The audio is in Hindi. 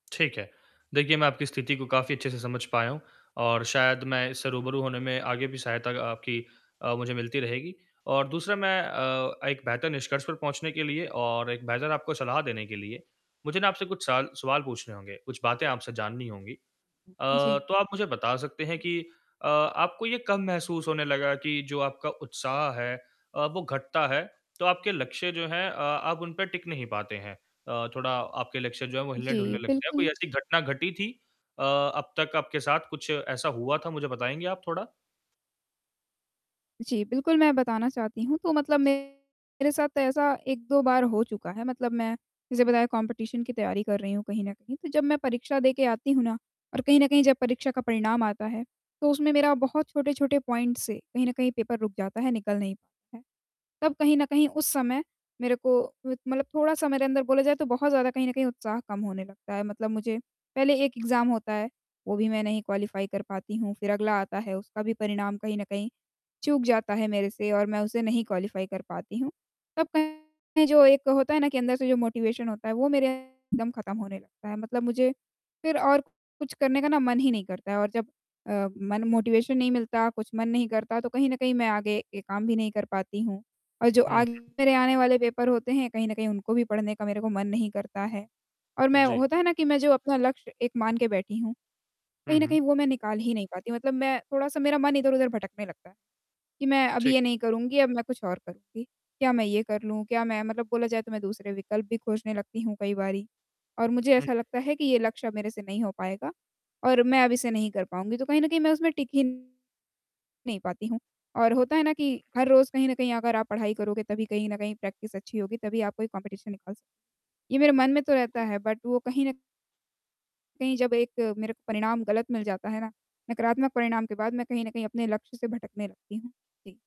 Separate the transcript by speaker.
Speaker 1: ठीक है। देखिए, मैं आपकी स्थिति को काफ़ी अच्छे से समझ पाया हूँ और शायद मैं इससे रूबरू होने में आगे भी सहायता आपकी अ, मुझे मिलती रहेगी। और दूसरा मैं अ, एक बेहतर निष्कर्ष पर पहुँचने के लिए और एक बेहतर आपको सलाह देने के लिए मुझे ना आपसे कुछ सवाल सवाल पूछने होंगे, कुछ बातें आपसे जाननी होंगी। अ,
Speaker 2: जी।
Speaker 1: तो आप मुझे बता सकते हैं कि अ, आपको ये कब महसूस होने लगा कि जो आपका उत्साह है अ, वो घटता है, तो आपके लक्ष्य जो हैं अ, आप उन पे टिक नहीं पाते हैं अ, थोड़ा आपके लक्ष्य जो हैं, वो हिलने-डुलने
Speaker 2: जी,
Speaker 1: लगते हैं, कोई
Speaker 2: बिल्कुल।
Speaker 1: ऐसी घटना घटी थी अ, अब तक आपके साथ कुछ ऐसा हुआ था मुझे बताएँगे आप थोड़ा?
Speaker 2: जी, बिल्कुल मैं बताना चाहती हूँ तो मतलब मेरे साथ ऐसा 1-2 बार हो चुका है, मतलब मैं जैसे बताया कम्पटीशन की तैयारी कर रही हूँ कहीं न कहीं, तो जब मैं परीक्षा देके आती हूँ ना और कहीं न कहीं जब परीक्षा का परिणाम आता है, तो उसमें मेरा बहुत छोटे-छोटे पॉइंट से कहीं न कहीं पेपर रुक जाता है, निकल नहीं पाता है। तब कहीं न कहीं उस समय मेरे को मतलब थोड़ा-सा मेरे अंदर बोला जाए, तो बहुत ज़्यादा कहीं न कहीं उत्साह कम होने लगता है, मतलब मुझे पहले एक एग्ज़ाम होता है वो भी मैं नहीं क्वालीफाई कर पाती हूँ। फ़िर अगला आता है उसका भी परिणाम कहीं न कहीं चूक जाता है मेरे से और मैं उसे नहीं क्वालीफाई कर पाती हूँ। तब कहीं जो एक होता है ना कि अंदर से जो मोटिवेशन होता है, वो मेरे एकदम ख़त्म होने लगता है। मतलब मुझे फ़िर और कुछ करने का ना मन ही नहीं करता और जब अ, मन मोटिवेशन नहीं मिलता, कुछ मन नहीं करता तो कहीं न कहीं मैं आगे काम भी नहीं कर पाती हूँ। और जो
Speaker 1: हुँ,
Speaker 2: आगे
Speaker 1: हुँ।
Speaker 2: मेरे आने वाले पेपर होते हैं कहीं न कहीं उनको भी पढ़ने का मेरे को मन नहीं करता है और मैं
Speaker 1: जी।
Speaker 2: होता है ना कि मैं जो अपना लक्ष्य एक मान के बैठी हूँ,
Speaker 1: हुँ,
Speaker 2: कहीं न
Speaker 1: हुँ।
Speaker 2: कहीं वो मैं निकाल ही नहीं पाती, मतलब मैं थोड़ा-सा मेरा मन इधर-उधर भटकने लगता है, कि मैं अब
Speaker 1: ठीक है।
Speaker 2: ये नहीं करूँगी, अब मैं कुछ और करूँगी। क्या मैं ये कर लूँ? क्या मैं मतलब बोला जाए तो मैं दूसरे विकल्प भी खोजने लगती हूँ कई बारी। और मुझे
Speaker 1: हुँ,
Speaker 2: ऐसा
Speaker 1: हुँ।
Speaker 2: लगता है कि ये लक्ष्य अ, मेरे से नहीं हो पाएगा और मैं अब इसे नहीं कर पाऊँगी तो कहीं न कहीं मैं उसमें टिक ही नहीं पाती हूँ। और होता है ना कि हर रोज़ कहीं न कहीं अगर आप पढ़ाई करोगे, तभी कहीं न कहीं प्रैक्टिस अच्छी होगी, तभी आप कोई कम्पटीशन निकाल सकोगे। ये मेरे मन में तो रहता है बट वो कहीं न कहीं जब एक मेरे को परिणाम ग़लत मिल जाता है ना, नकारात्मक परिणाम के बाद मैं कहीं न कहीं अपने लक्ष्य से भटकने लगती हूँ।